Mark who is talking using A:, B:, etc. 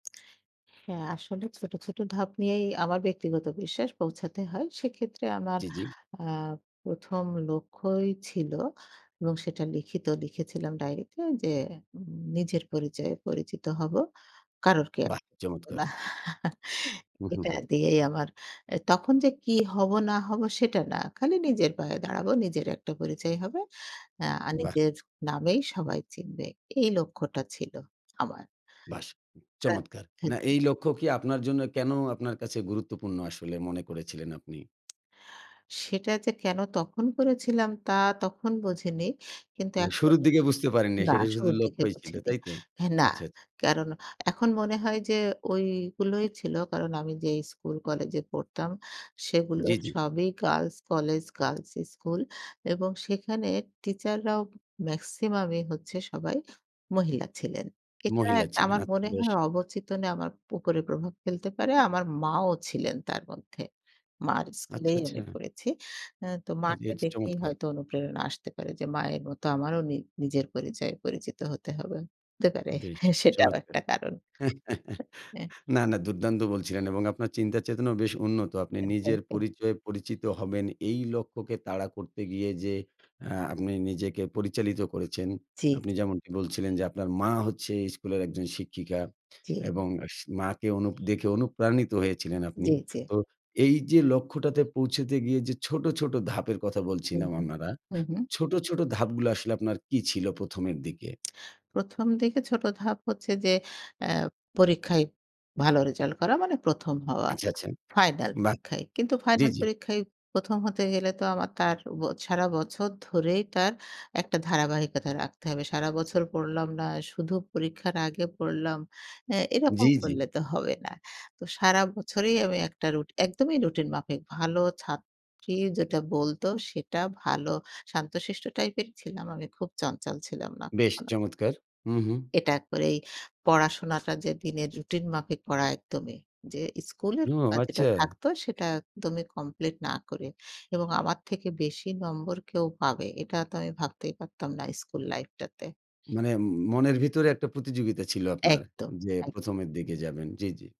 A: হ্যাঁ, আসলে ছোট, ছোট ধাপ নিয়েই আমার ব্যক্তিগত বিশ্বাস পৌঁছাতে হয়। সেক্ষেত্রে আমার
B: জি, জি।
A: আ ১ম, লক্ষ্যই ছিল এবং সেটা লিখিত লিখেছিলাম ডাইরিতে যে, উম নিজের পরিচয়ে পরিচিত হবো। কারোর কেয়ার
B: বাহ!
A: করব
B: চমৎকার!
A: না।
B: হু, হু,
A: এটা
B: হুম।
A: দিয়েই আমার অ্যা তখন যে, কি হব না হব সেটা না। খালি নিজের পায়ে দাঁড়াবো নিজের একটা পরিচয় হবে। হ্যাঁ, আর
B: বাহ!
A: নিজের নামেই সবাই চিনবে। এই লক্ষ্যটা ছিল আমার।।
B: বাস! চমৎকার না
A: [unintelligible]
B: এই লক্ষ্য কি আপনার জন্য কেন আপনার কাছে গুরুত্বপূর্ণ আসলে মনে করেছিলেন আপনি?
A: সেটা যে, কেন তখন করেছিলাম তা তখন বুঝিনি। কিন্তু
B: মানে
A: এখন
B: শুরুর দিকে বুঝতে পারেননি।
A: না
B: সেটা শুধু
A: শুরুর দিকে
B: লক্ষ্যই ছিল,
A: বুঝিনি।
B: তাই তো?
A: হ্যাঁ, না,
B: আচ্ছা, আচ্ছা।
A: কারণ এখন মনে হয় যে, ওইগুলোই ছিলো কারণ আমি যেই স্কুল কলেজে পড়তাম সেগুলো
B: জি, জি।
A: সবই গার্লস কলেজ, গার্লস স্কুল এবং সেখানে টিচাররাও মেক্সিমামই হচ্ছে সবাই মহিলা ছিলেন। এটা
B: মহিলা
A: একটা
B: ছিলেন
A: আমার
B: আচ্ছা
A: মনে
B: বেশ!
A: হয় অবচেতনে আমার উপরে প্রভাব ফেলতে পারে, আমার মাও ছিলেন তার মধ্যে, মার
B: আচ্ছা,
A: স্কুলেই
B: আচ্ছা।
A: আমি পড়েছি। হ্যাঁ, তো
B: আচ্ছা
A: মাকে
B: এটা
A: দেখেই
B: চমৎকার!
A: হয়তো অনুপ্রেরণা আসতে পারে যে, মায়ের মতো আমারও নি নিজের পরিচয়ে পরিচিত হতে হবে। হতে পারে
B: বেশ,
A: সেটাও
B: চমৎকার!
A: একটা কারণ
B: না,
A: অ্যা
B: না দুর্দান্ত বলছিলেন এবং আপনার চিন্তা চেতনাও বেশ উন্নত। আপনি
A: অ্যা থ্যাংক
B: নিজের
A: ইউ।
B: পরিচয়ে পরিচিত হবেন। এই লক্ষ্যকে তাড়া করতে গিয়ে যে, আ আপনি নিজেকে পরিচালিত করেছেন।
A: জি,
B: আপনি
A: জি।
B: যেমনটি বলছিলেন, যে, আপনার মা হচ্ছে স্কুলের একজন শিক্ষিকা
A: জি।
B: এবং সি মাকে অনু দেখে অনুপ্রাণিত হয়েছিলেন আপনি।
A: জি, জি।
B: তো এই যে, লক্ষ্যটাতে পৌঁছতে গিয়ে যে, ছোট, ছোট ধাপের কথা
A: হু,
B: বলছিলাম
A: হু,
B: আমারা,
A: হু, হুম।
B: ছোট, ছোট ধাপগুলো আসলে আপনার কি ছিল ১ম, এর দিকে?
A: ১ম, দিকে ছোট ধাপ হচ্ছে যে, অ্যা পরীক্ষায় ভালো রেজাল্ট করা মানে ১ম, হওয়া।
B: আচ্ছা, আচ্ছা,
A: ফাইনাল
B: বাহ!
A: পরীক্ষায়। কিন্তু
B: জি,
A: ফাইনাল
B: জি।
A: পরীক্ষায় ১ম, হতে গেলে তো আমার তার ব সারা বছর ধরেই তার একটা ধারাবাহিকতা রাখতে হবে। সারা বছর পড়লাম না, শুধু পরীক্ষার আগে পড়লাম। হ্যাঁ,
B: জি,
A: এরকম
B: জি।
A: করলে তো হবে না। তো সারা বছরই আমি একটা রুট একদমই রুটিন মাফিক ভালো ছাত্রী যেটা বলতো সেটা ভালো শান্তশিষ্ট টাইপেরই ছিলাম। আমি খুব চঞ্চল ছিলাম না
B: বেশ
A: কখনো।
B: চমৎকার! উহু।
A: এটা এক করে এই পড়াশোনাটা যে, দিনে রুটিন মাফিক করা একদমই। যে, স্কুলের
B: হু,
A: পড়া যেটা
B: আচ্ছা।
A: থাকতো সেটা একদমই কমপ্লিট না করে। এবং আমার থেকে বেশি নম্বর কেউ পাবে, এটা তো আমি ভাবতেই পারতাম না স্কুল লাইফটাতে।
B: মানে মনের ভিতরে একটা প্রতিযোগিতা ছিল আপনার
A: একদম,
B: যে, ১ম,
A: একদম।
B: এর দিকে যাবেন। জি, জি।